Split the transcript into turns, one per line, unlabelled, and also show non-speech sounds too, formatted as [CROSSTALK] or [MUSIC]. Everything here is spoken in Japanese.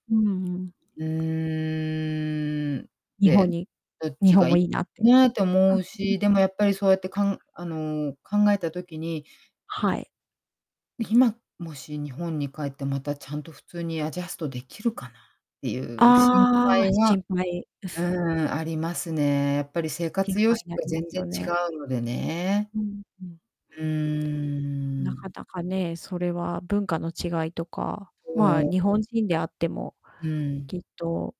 うんうん。
うーん。
日
で、
本に
どっ
日
ち
本
が
もい
い
いなって。
なって思う
[UNINTELLIGIBLE]
し、でもやっぱりそうやって、かんあの、考えた時に
はい。
今、もし日本に帰って、またちゃんと普通にアジャストできるかなっていう心
あ
配
あ、
は、
心配。う、
う
す
ーん、ありますね。やっぱり、生活
心
様
配、
式
な
が
りま
全
す
然
よ
違
ね。
うのでね。
うん、ふん。
うー
なか
ん。
なかね、それは文化の違いとか、
う
まあ、
ん。
日本人であっても、
うん。
きっと